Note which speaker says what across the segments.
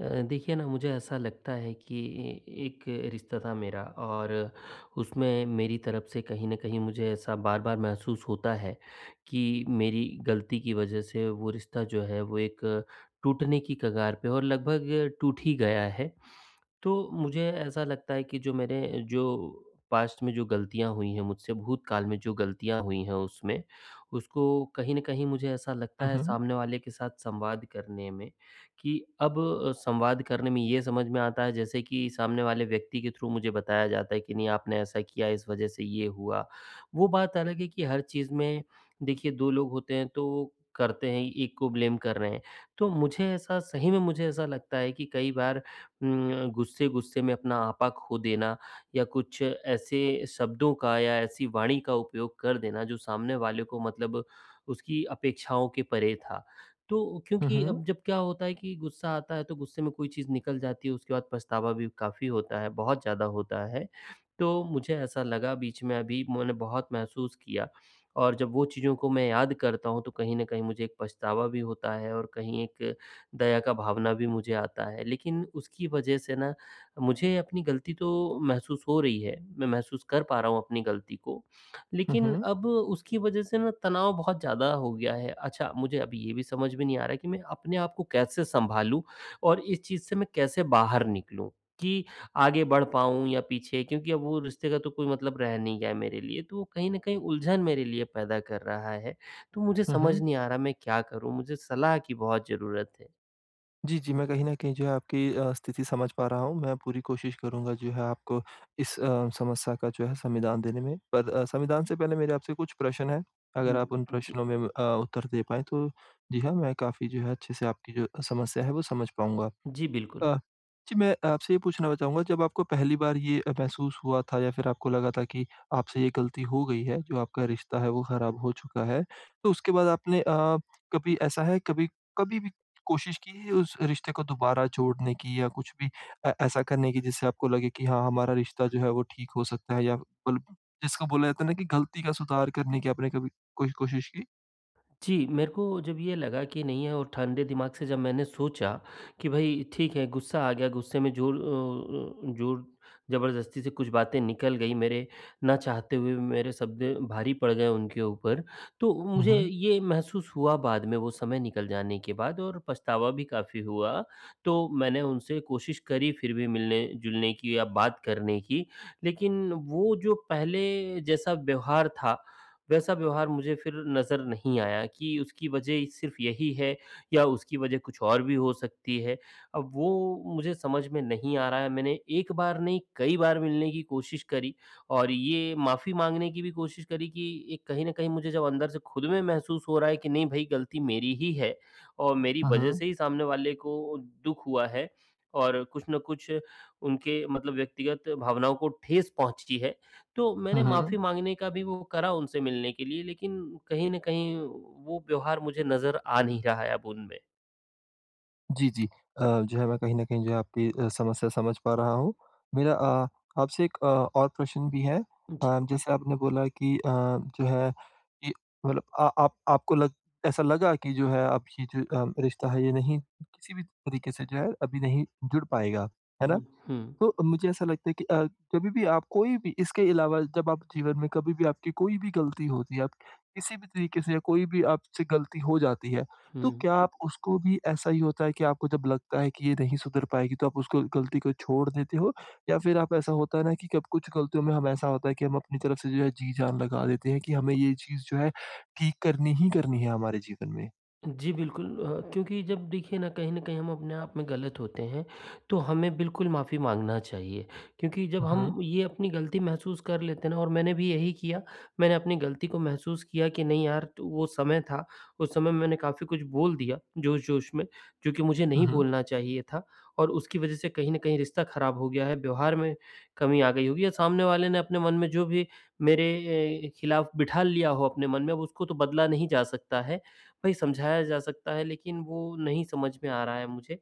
Speaker 1: अ, देखिए न मुझे ऐसा लगता है कि ए एक रिश्ता था मेरा और उसमें मेरी तरफ़ से कहीं न कहीं मुझे ऐसा बार-बार महसूस होता है, कि मेरी ग़लती की वजह से वो रिश्ता जो है वो एक, टूटने की कगार पे और लगभग टूट ही गया है। तो मुझे ऐसा लगता है कि जो मेरे जो पास्ट में जो ग़लतियाँ हुई हैं, मुझसे भूतकाल में जो ग़लतियाँ हुई हैं उसमें, उसको कहीं न कहीं मुझे ऐसा ऐसा लगता है
Speaker 2: हुँ।
Speaker 1: सामने वाले के साथ संवाद करने में कि अब संवाद करने में ये समझ में आता है जैसे कि सामने वाले व्यक्ति के थ्रू मुझे बताया जाता है कि नहीं आपने ऐसा किया, इस वजह से ये हुआ। वो बात अलग है कि हर चीज़ में देखिए 2 लोग होते हैं तो करते हैं 1 को ब्लेम कर रहे हैं। तो मुझे ऐसा सही में मुझे ऐसा लगता है कि कई बार उम, गुस्से-गुस्से में अपना आपा खो देना या कुछ ऐसे शब्दों का या ऐसी वाणी का उपयोग कर देना जो सामने वाले को मतलब उसकी अपेक्षाओं के परे था। तो
Speaker 2: हुँ,
Speaker 1: क्योंकि
Speaker 2: हुँ।
Speaker 1: अब जब क्या होता है कि गुस्सा आता है तो गुस्से में कोई चीज़ निकल जाती है। उसके बाद पछतावा भी काफ़ी होता है, बहुत ज़्यादा होता है। तो मुझे ऐसा लगा बीच में अभी मैंने बहुत महसूस किया और जब वो चीज़ों को मैं याद करता हूँ तो कहीं न कहीं मुझे एक पछतावा भी होता है और कहीं एक दया का भावना भी मुझे आता है। लेकिन उसकी वजह से न, मुझे अपनी गलती तो महसूस हो रही है, मैं महसूस कर पा रहा हूँ अपनी गलती को
Speaker 2: हुँ,
Speaker 1: लेकिन
Speaker 2: हुँ।
Speaker 1: अब उसकी वजह से न तनाव बहुत ज़्यादा हो गया है। अच्छा, मुझे अब ये भी समझ में नहीं आ रहा कि मैं अपने आप को कैसे संभालूँ और इस चीज़ से मैं कैसे बाहर निकलूँ कि, आगे बढ़ पाऊँ या पीछे क्योंकि अब वो रिश्ते का तो कोई मतलब रह नहीं गया है मेरे लिए। तो वो कहीं न कहीं उलझन मेरे लिए पैदा कर रहा है। तो मुझे
Speaker 2: हुँ,
Speaker 1: समझ
Speaker 2: हुँ।
Speaker 1: नहीं आ रहा मैं क्या करूँ? मुझे सलाह की बहुत ज़रूरत है।
Speaker 2: जी, जी मैं कहीं न कहीं जो आपकी अ, स्थिति समझ पा रहा हूँ। मैं पूरी कोशिश करूँगा जो है आपको इस अ, समस्या का जो है संविधान देने में। पर अ, संविधान से पहले मेरे आपसे कुछ प्रश्न हैं अगर आप उन
Speaker 1: हुँ जी।
Speaker 2: प्रश्नों में अ, उत्तर दे पाएँ तो जी हाँ मैं काफ़ी जो है अच्छे से आपकी जो समस्या है वो समझ पाऊँगा।
Speaker 1: जी बिल्कुल।
Speaker 2: अ, जी मैं आपसे ये पूछना चाहूँगा जब आपको पहली बार ये अ, महसूस हुआ था या फिर आपको लगा था कि आपसे ये गलती हो गई है, जो आपका रिश्ता है वो खराब हो चुका है तो उसके बाद आपने अ, कभी ऐसा है कभी कभी भी कोशिश की है उस रिश्ते को दोबारा जोड़ने की या कुछ भी ऐ ऐसा करने की जिससे आपको लगे कि हाँ हमारा रिश्ता जो है वो ठीक हो सकता है या उल् प जिसको बोला जाता है न कि गलती का सुधार करने की आपने कभी कोई कोशिश की?
Speaker 1: जी मेरे को जब ये लगा कि नहीं है और ठंडे दिमाग से जब मैंने सोचा कि भई ठीक है गुस्सा आ गया, गुस्से में ज़ोर अ अ, ज़ोर ज़बरदस्ती से कुछ बातें निकल गईं, मेरे ना चाहते हुए मेरे शब्द भारी पड़ गए उनके ऊपर। तो
Speaker 2: हुँ,
Speaker 1: मुझे
Speaker 2: हुँ।
Speaker 1: ये महसूस हुआ बाद में वो समय निकल जाने के बाद और पछतावा भी काफ़ी हुआ। तो मैंने उनसे कोशिश करी फिर भी मिलने-जुलने की या बात करने की। लेकिन वो जो पहले जैसा व्यवहार था वैसा व्यवहार मुझे फिर नज़र नहीं आया। कि उसकी वज़ह सिर्फ़ यही है या उसकी वज़ह कुछ और भी हो सकती है। अब वो मुझे समझ में नहीं आ रहा है। मैंने एक बार नहीं कई बार मिलने की कोशिश करी और ये माफ़ी माँगने की भी कोशिश करी कि ये कहीं न कहीं मुझे जब अंदर से ख़ुद में महसूस हो रहा है कि नहीं भाई गलती मेरी ही है और मेरी
Speaker 2: हुँ,
Speaker 1: वजह
Speaker 2: हुँ।
Speaker 1: से ही सामने वाले को दुःख हुआ है और कुछ न कुछ उनके मतलब व्यक्तिगत भावनाओं को ठेस पहुँचती है। तो
Speaker 2: हुँ,
Speaker 1: मैंने
Speaker 2: हुँ।
Speaker 1: माफ़ी माँगने का भी वो करा उनसे मिलने के लिए लेकिन कहीं न कहीं वो व्यवहार मुझे नज़र आ नहीं रहा है अब उनमें।
Speaker 2: जी, जी। अ, जो है मैं कहीं न कहीं जो है आपकी समस्या समझ पा रहा हूँ। मेरा अ, आपसे एक अ, और प्रश्न भी है।
Speaker 1: जी।
Speaker 2: अ, जैसे आपने बोला कि अ, जो है कि मतलब अ आप आपको लग ऐसा लगा कि जो है आपकी जो रिश्ता है ये नहीं किसी भी तरीके से जो है अभी नहीं जुड़ पाएगा, है ना?
Speaker 1: हुँ, हुँ।
Speaker 2: तो मुझे ऐसा लगता है कि अ, जभी भी आप कोई भी इसके अलावा जब आप जीवन में कभी भी आपकी कोई भी ग़लती होती है, आप किसी भी तरीके से या कोई भी आपसे ग़लती हो जाती है, तो
Speaker 1: हुँ।
Speaker 2: क्या आप उसको भी ऐसा ही होता है कि आपको जब लगता है कि ये नहीं सुधर पाएगी तो आप उसको ग़लती को छोड़ देते हो? या फिर आप ऐसा होता है ना कि कभी कुछ गलतियों में हम ऐसा होता है, कि हम अपनी तरफ से जो है जी जान लगा देते हैं कि हमें ये चीज़ जो है ठीक करनी ही करनी है, हमारे जीवन में?
Speaker 1: जी बिल्कुल अ, क्योंकि जब देखिए ना कहीं न कहीं हम अपने आप में गलत होते हैं, तो हमें बिल्कुल माफ़ी माँगना चाहिए, क्योंकि जब
Speaker 2: हुँ।
Speaker 1: हम ये अपनी गलती महसूस कर लेते हैं ना और मैंने भी यही किया मैंने अपनी गलती को महसूस किया कि नहीं यार तो वो समय था उस समय मैंने काफ़ी कुछ बोल दिया जोश-जोश में, जो कि मुझे
Speaker 2: हुँ,
Speaker 1: नहीं
Speaker 2: हुँ।
Speaker 1: बोलना चाहिए था और उसकी वजह से कहीं न कहीं रिश्ता खराब हो गया है, व्यवहार में कमी आ गई होगी या सामने वाले ने आपने मन में जो भी मेरे ए खिलाफ बिठा लिया हो अपने मन में अब उसको तो बदला नहीं जा सकता है। भई समझाया जा सकता है, लेकिन वो नहीं समझ में आ रहा है मुझे,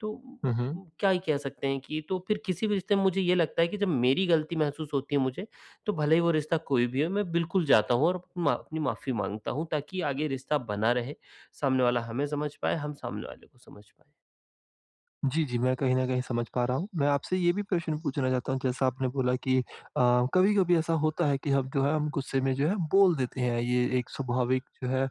Speaker 1: तो
Speaker 2: हुँ,
Speaker 1: अ
Speaker 2: हुँ।
Speaker 1: प क्या ही कह सकते हैं? कि तो फिर किसी भी रिश्ते में मुझे ये लगता है कि जब मेरी गलती महसूस होती है मुझे, तो भले ही वो रिश्ता कोई भी हो, मैं बिल्कुल जाता हूँ और अप मा अपनी माफ़ी माँगता हूँ ताकि आगे रिश्ता बना रहे, सामने वाला हमें समझ पाए, हम सामने वाले को समझ पाएँ।
Speaker 2: जी, जी मैं कहीं न कहीं समझ पा रहा हूँ। मैं आपसे ये भी प्रश्न पूछना चाहता हूँ जैसा आपने बोला कि अ, कभी-कभी ऐसा होता है कि हम जो है हम गुस्से में जो है बोल देते हैं। ये एक स्वाभाविक जो है अ,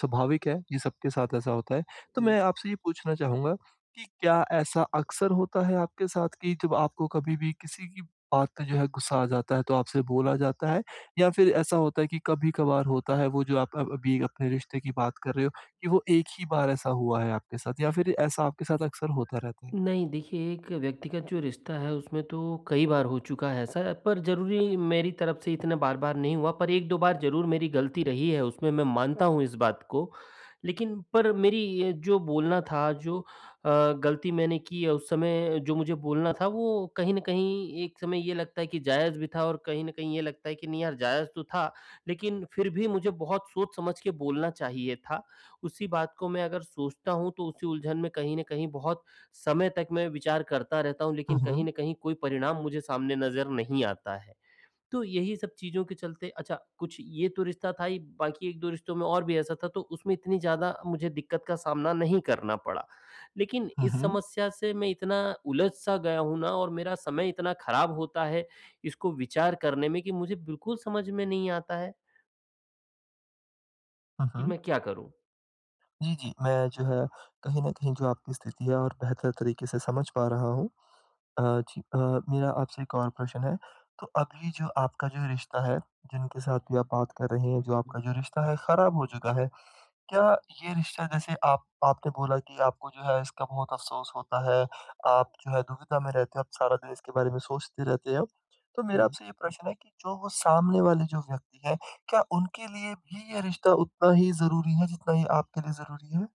Speaker 2: स्वाभाविक है ये सबके साथ ऐसा होता है। तो
Speaker 1: हुँ।
Speaker 2: मैं आपसे ये पूछना चाहूँगा कि क्या ऐसा अक्सर होता है आपके साथ कि जब आपको कभी भी किसी की बात पे जो है ग़ुस्सा आ जाता है, तो आपसे बोला जाता है? या फिर ऐसा होता है कि कभी-कभार होता है, वो जो आप अ अ अभी अपने रिश्ते की बात कर रहे हो, कि वो एक ही बार ऐसा हुआ है आपके साथ, या फिर ऐसा आपके साथ अक्सर होता रहता है?
Speaker 1: नहीं, देखिए एक व्यक्तिगत जो रिश्ता है उसमें तो कई बार हो चुका है ऐसा, पर ज़रूरी मेरी तरफ से इतना बार-बार नहीं हुआ पर 1-2 बार ज़रूर मेरी गलती रही है उसमें मैं मानता हूँ इस बात को। लेकिन पर मेरी ये जो बोलना था जो अ, गलती मैंने की है उस समय जो मुझे बोलना था वो कहीं न कहीं एक समय ये लगता है कि जायज़ भी था और कहीं न कहीं ये लगता है कि नहीं यार जायज़ तो था, लेकिन फिर भी मुझे बहुत सोच समझ के बोलना चाहिए था। उसी बात को मैं अगर सोचता हूँ तो उसी उलझन में कहीं न कहीं बहुत समय तक मैं विचार करता रहता हूँ
Speaker 2: हुँ,
Speaker 1: लेकिन कहीं
Speaker 2: हुँ।
Speaker 1: न कहीं कोई परिणाम मुझे सामने नज़र नहीं आता है। तो यही सब चीज़ों के चलते अच्छा, कुछ ये तो रिश्ता था ही बाकी 1-2 रिश्तों में और भी ऐसा था तो उसमें इतनी ज़्यादा मुझे दिक्कत का सामना नहीं करना पड़ा। लेकिन
Speaker 2: हुँ,
Speaker 1: इस
Speaker 2: हुँ।
Speaker 1: समस्या से मैं इतना उलझ सा गया हूँ ना और मेरा समय इतना खराब होता है इसको विचार करने में कि मुझे बिल्कुल समझ में नहीं आता है।
Speaker 2: हाँ,
Speaker 1: कि
Speaker 2: हाँ।
Speaker 1: मैं क्या करूँ?
Speaker 2: जी, जी। मैं जो है कहीं न कहीं जो आपकी स्थिति है और बेहतर तरीके से समझ पा रहा हूँ। अ, जी अ, मेरा आपसे एक और प्रश्न है, तो अभी जो आपका जो रिश्ता है जिनके साथ भी आप बात कर रहे हैं जो आपका जो रिश्ता है ख़राब हो चुका है। क्या ये रिश्ता जैसे आप आपने बोला कि आपको जो है इसका बहुत अफसोस होता है। आप जो है दुविधा में रहते हो, आप सारा दिन इसके बारे में सोचते रहते हैं अब। तो मेरा
Speaker 1: हुँ।
Speaker 2: आपसे ये प्रश्न है कि जो वो सामने वाले जो व्यक्ति हैं, क्या उनके लिए भी ये रिश्ता उतना ही ज़रूरी है जितना ये आपके लिए ज़रूरी है?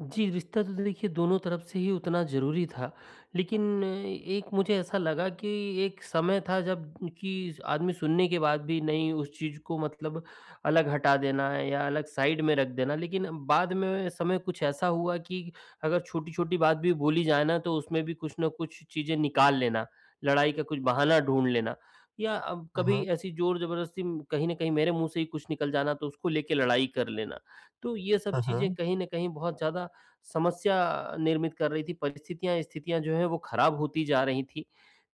Speaker 1: जी, रिश्ता तो देखिए दोनों तरफ से ही उतना ज़रूरी था, लेकिन एक मुझे ऐसा लगा कि एक समय था जब कि आदमी सुनने के बाद भी नहीं उस चीज़ को मतलब अलग हटा देना या अलग साइड में रख देना। लेकिन बाद में समय कुछ ऐसा हुआ कि अगर छोटी-छोटी बात भी बोली जाए ना तो उसमें भी कुछ न कुछ चीज़ें निकाल लेना, लड़ाई का कुछ बहाना ढूँढ लेना। या
Speaker 2: हुँ,
Speaker 1: कभी
Speaker 2: हुँ।
Speaker 1: ऐसी ज़ोर-ज़बरदस्ती कहीं न कहीं मेरे मुँह से ही कुछ निकल जाना तो उसको लेके लड़ाई कर लेना। तो ये सब
Speaker 2: हुँ,
Speaker 1: चीज़ें
Speaker 2: हुँ।
Speaker 1: कहीं न कहीं बहुत ज़्यादा समस्या निर्मित कर रही थीं। परिस्थितियाँ स्थितियाँ जो हैं वो ख़राब होती जा रही थीं।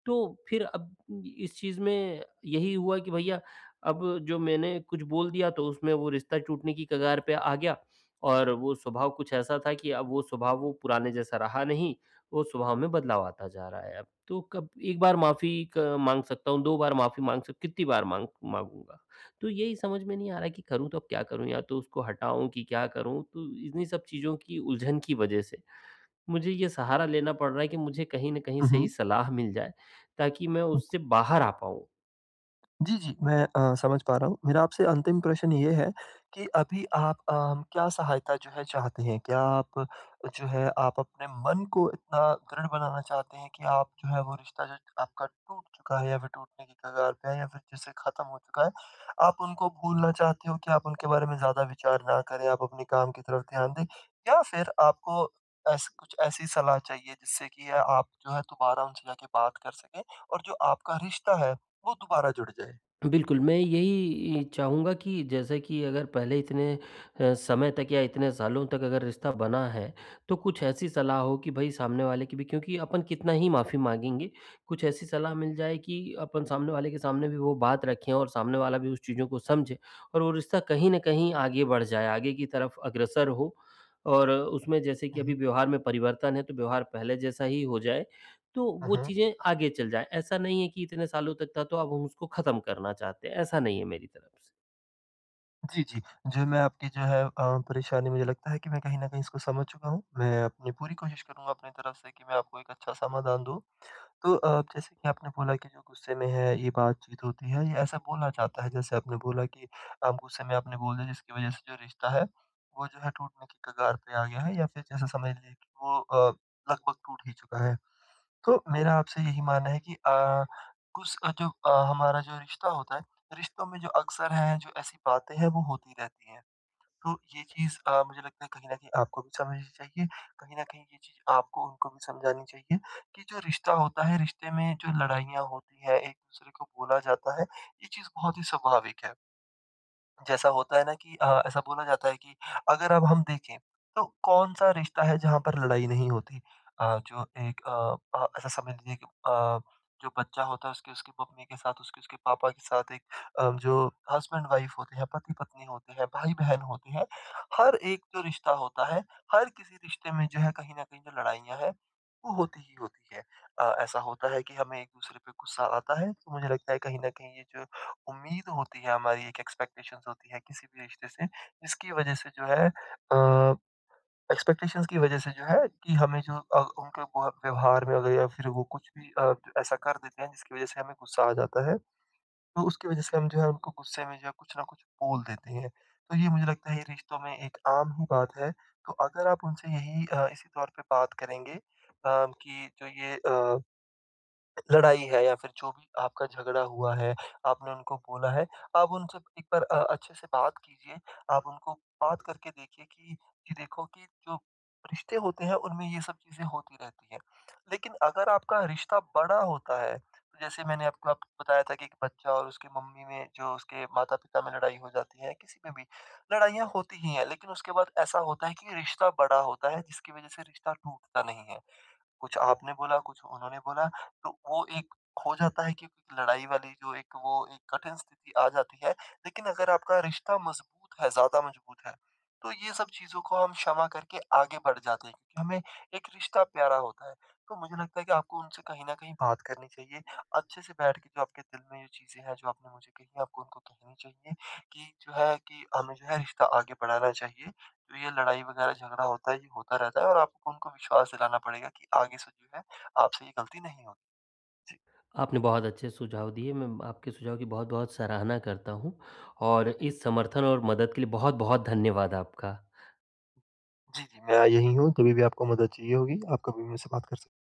Speaker 1: तो, फिर अब इस चीज़ में यही हुआ कि भईया अब जो मैंने कुछ बोल दिया तो उसमें वो रिश्ता टूटने की कगार पे आ गया, और वो स्वभाव कुछ ऐसा था कि अब वो स्वभाव वो पुराने जैसा रहा नहीं, वो स्वभाव में बदलाव आता जा रहा है अब। तो कब 1 बार माफ़ी एक माँग सकता हूँ, 2 बार माफ़ी माँग सक कितनी बार माँग माँगूँगा? तो यही समझ में नहीं आ रहा कि करूँ तो अब क्या करूँ? या तो उसको हटाऊँ कि क्या करूँ? तो इन्ही सब चीज़ों की उलझन की वज़ह से मुझे ये सहारा लेना पड़ रहा है कि मुझे कहीं न कहीं
Speaker 2: हुँ,
Speaker 1: सही
Speaker 2: हुँ।
Speaker 1: सलाह मिल जाए ताकि मैं उससे बाहर आ पाऊँ।
Speaker 2: जी, जी। मैं अ, समझ पा रहा हूँ। मेरा आपसे अंतिम प्रशन ये है कि, अभी आप अ, क्या सहायता जो है चाहते हैं? क्या आप जो है आप अपने मन को इतना दृढ़ बनाना चाहते हैं कि आप जो है वो रिश्ता जो आपका टूट चुका है या फिर टूटने के कगार पे है या फिर जैसे ख़त्म हो चुका है। आप उनको भूलना चाहते हो कि आप उनके बारे में ज़्यादा विचार ना करें आप अपने काम की तरफ ध्यान दें, या फिर आपको एस कुछ ऐसी सलाह चाहिए जिससे कि आप जो है दोबारा उनसे जाके बात कर सकें, और जो आपका रिश्ता है वो दोबारा जुड़ जाए?
Speaker 1: बिल्कुल मैं यही म चाहूँगा कि जैसे कि अगर पहले इतने समय तक या इतने सालों तक अगर रिश्ता बना है तो कुछ ऐसी सलाह हो कि भाई सामने वाले की भी क्योंकि अपन कितना ही माफ़ी माँगेंगे? कुछ ऐसी सलाह मिल जाए कि अपन सामने वाले के सामने भी वो बात रखें और सामने वाला उस चीज़ों को समझे और वो रिश्ता कहीं न कहीं आगे बढ़ जाए। आगे की तरफ अग्रसर हो और उसमें जैसे
Speaker 2: हुँ,
Speaker 1: कि अभी
Speaker 2: हुँ।
Speaker 1: व्यवहार में परिवर्तन है तो व्यवहार पहले जैसा ही हो जाए तो
Speaker 2: हुँ,
Speaker 1: वो
Speaker 2: हुँ।
Speaker 1: चीज़ें आगे चल जाएँ। ऐसा नहीं है कि इतने सालों तक था तो अब हम उसको ख़त्म करना चाहते हैं। ऐसा नहीं है मेरी तरफ़ से।
Speaker 2: जी, जी। जो मैं आपकी जो है अ, परेशानी मुझे लगता है कि मैं कहीं न कहीं इसको समझ चुका हूँ। मैं अपनी पूरी कोशिश करूँगा अपनी तरफ से कि मैं आपको एक अच्छा समाधान दूँ। तो अ, जैसे कि आपने बोला कि जो गुस्से में है ये बातचीत होती है ये ऐसा बोला जाता है। जैसे आपने बोला कि आप गुस्से में आपने बोल दिया जिसकी वज़ह से जो रिश्ता है वो जो है टूटने की कगार पे आ गया है या फिर जैसे समझ लें कि वो अ, लगभग टूट ही चुका है। तो मेरा आपसे यही मानना है कि अ, कुछ अ, तो अ, हमारा जो रिश्ता होता है रिश्तों में जो अक्सर है जो ऐसी बातें हैं वो होती रहती हैं। तो ये चीज़ अ, मुझे लगता है कहीं न कहीं आपको भी समझनी चाहिए। कहीं न कहीं ये चीज़ आपको उनको भी समझानी चाहिए कि जो रिश्ता होता है रिश्ते में जो लड़ाइयाँ होती हैं एक-दूसरे को बोला जाता है यह चीज़ बहुत ही स्वाभाविक है। जैसा होता है ना कि अ, ऐसा बोला जाता है कि अगर अब हम देखें तो कौन-सा रिश्ता है जहाँ पर लड़ाई नहीं होती। अ, जो एक अ अ, ऐसा समझ लीजिए कि अ, जो बच्चा होता है उसकी उसकी मम्मी के साथ, उसके उसके पापा के साथ एक अ, जो हसबैंड-वाइफ़ होते हैं, पति-पत्नी होते हैं, भाई-बहन होते हैं। हर एक जो रिश्ता होता है, हर किसी रिश्ते में जो है कहीं न कहीं जो लड़ाइयाँ हैं वो होती ही होती है। अ, ऐसा होता है कि हमें एक-दूसरे पे गुस्सा आता है। तो मुझे लगता है कहीं न कहीं ये जो उम्मीद होती है हमारी एक एक्सपेक्टेशन्स होती है किसी भी रिश्ते से जिसकी वज़ह से जो है अ, एक्सपेक्टेशन्स की वज़ह से जो है कि हमें जो अ, उनके व व्यवहार में भी है फिर वो कुछ भी अ, ऐसा कर देते हैं जिसकी वज़ह से हमें गुस्सा आ जाता है। तो उसकी वज़ह से हम जो है उनको गुस्से में जो है कुछ न कुछ बोल देते हैं। तो ये मुझे लगता है ये रिश्तों में एक आम ही बात है। तो अगर आप उनसे यही अ, इसी तौर पे बात करेंगे अ, कि जो ये अ लड़ाई है या फिर जो भी आपका झगड़ा हुआ है, आपने उनको बोला है। आप उनसे एक बार अ, अच्छे से बात कीजिए। आप उनको बात करके देखिए कि ये देखो कि जो रिश्ते होते हैं उनमें ये सब चीज़ें होती रहती हैं। लेकिन अगर आपका रिश्ता बड़ा होता है तो जैसे मैंने आपको अब बताया था कि एक बच्चा और उसकी मम्मी में जो उसके माता-पिता में लड़ाई हो जाती है किसी पे भी, लड़ाइयाँ होती ही हैं। लेकिन उसके बाद ऐसा होता है कि रिश्ता बड़ा होता है जिसकी वज़ह से रिश्ता टूटता नहीं है। कुछ आपने बोला, कुछ उन्होंने बोला, तो वो एक खो जाता है कि लड़ाई वाली जो एक वो एक कठिन स्थिति आ जाती है। लेकिन अगर आपका रिश्ता मज़बूत है, ज़्यादा मज़बूत है तो ये सब चीज़ों को हम क्षमा करके आगे बढ़ जाते हैं हमें एक रिश्ता प्यारा होता है। तो मुझे लगता है कि आपको उनसे कहीं न कहीं बात करनी चाहिए। अच्छे से बैठ के जो आपके दिल में जो चीज़ें हैं जो आपने मुझे कही आपको उनको कहनी चाहिए कि जो है कि हमें जो है रिश्ता आगे बढ़ाना चाहिए। तो ये लड़ाई वग़ैरह झगड़ा होता है ये होता रहता है और आप उनको विश्वास दिलाना पड़ेगा कि आगे से जो है आपसे ये गलती नहीं होगी। जी।
Speaker 1: आपने बहुत अच्छे सुझाव दिए मैं म आपके सुझाव की बहुत-बहुत सराहना करता हूँ, और
Speaker 2: हुँ, हुँ।
Speaker 1: इस समर्थन और मदद के लिए बहुत-बहुत धन्यवाद आपका।
Speaker 2: जी, जी। मैं य यही हूँ, कभी भी आपको मदद चाहिए होगी आप कभी भी मुझसे बात कर सक